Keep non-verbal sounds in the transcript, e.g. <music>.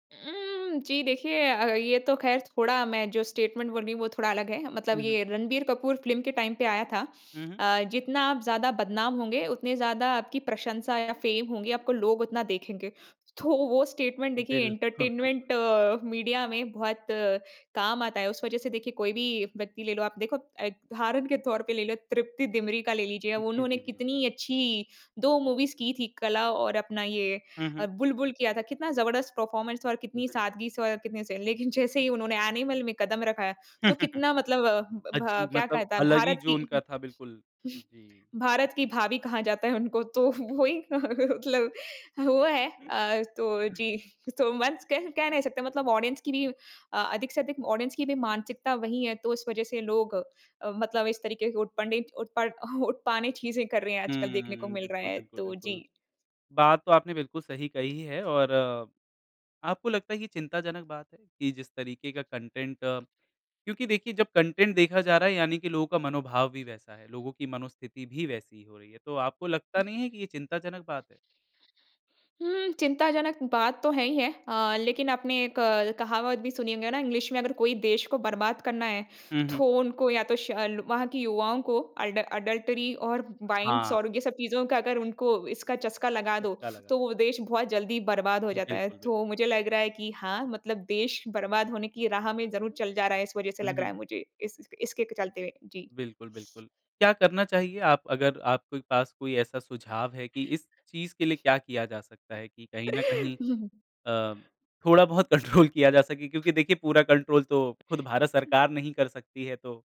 उम, जी देखिए अ, ये तो ख़ैर थोड़ा मैं जो स्टेटमेंट बोल रही हूँ वो थोड़ा अलग है, मतलब हुँ, हुँ। ये रणबीर कपूर फिल्म के टाइम पे आया था हुँ, हुँ। अ, जितना आप ज़्यादा बदनाम होंगे, उतने ज़्यादा आपकी प्रशंसा या फेम होंगें, आपको लोग उतना देखेंगे। तो वो स्टेटमेंट देखिए बिल <chuckles> एंटरटेनमेंट मीडिया में बहुत काम आता है। उस वज़ह से देखिए कोई भी व्यक्ति ले लो आप, देखो अ, उदाहरण के तौर पे ले लो तृप्ति दिमरी का ले लीजिए, जी, जी, उन्होंने जी, जी। कितनी अच्छी 2 मूवीज़ की थी, कला और अपना ये हुँ, अ, हुँ। बुलबुल किया था। कितना जबरदस्त परफॉर्मेंस था और कितनी बिल्कुल। सादगी से और कितने से लेकिन जैसे ही उन्होंने एनिमल में कदम रखा है, तो कितना मतलब अ, <chuckles> अ, भ जी क्या मतलब कहता है? अलग ही भारत जो की उनका <chuckles> था, बिल्कुल। जी। भारत की भाभी कहा जाता है उनको तो वो ही मतलब वो है अ, तो <chuckles> जी सो मच कह नहीं सकते मतलब ऑडियंस की भी अ, अधिक से अधिक ऑडियंस की भी मानसिकता वही है, तो इस वज़ह से लोग अ, मतलब इस तरीके के उटपंडित उत्पड उटपानी चीज़े कर रहे हैं आजकल देखने को हम्म। मिल रहा बिल्कुल, है, बिल्कुल, तो जी। बिल्कुल। बात तो आपने बिल्कुल सही कही है और, आपको लगता है, चिंताजनक बात है? कि जिस तरीके का कंटेंट क्योंकि देखिए, जब कंटेंट देखा जा रहा है, यानी कि लोगों का मनोभाव भी वैसा है, लोगों की मनोस्थिति भी वैसी ही हो रही है। तो आपको उ लगता नहीं है कि ये चिंताजनक बात है? हुँ, चिंताजनक बात तो है ही है अ, लेकिन आपने एक कहावत भी सुनी होगी ना इंग्लिश में अगर कोई देश को बर्बाद करना है, हुँ, हुँ। तो उनको या तो शल वहाँ के युवाओं को एडल एडल्टरी और वाइंस हाँ। और ये सब चीज़ का अगर उनको इसका चस्का लगा दो, उसका लगा। तो वो देश बहुत जल्दी बर्बाद हो जाता है। बिल्कुल, बिल्कुल। तो मुझे लग रहा है कि हाँ, मतलब देश बर्बाद होने की राह में ज़रूर चल जा रहा है इस वज़ह से हुँ, लग रहा हुँ। है, मुझे इस इसके चलते। जी। बिल्कुल, बिल्कुल। क्या करना चाहिए आप अगर आपके पास कोई ऐसा सुझाव है कि इस चीज़ के लिए क्या किया जा सकता है? कि कहीं न कहीं <chuckles> अ, थोड़ा बहुत कंट्रोल किया जा सके क्योंकि देखिए पूरा कंट्रोल तो खुद भारत अ सरकार नहीं कर सकती है तो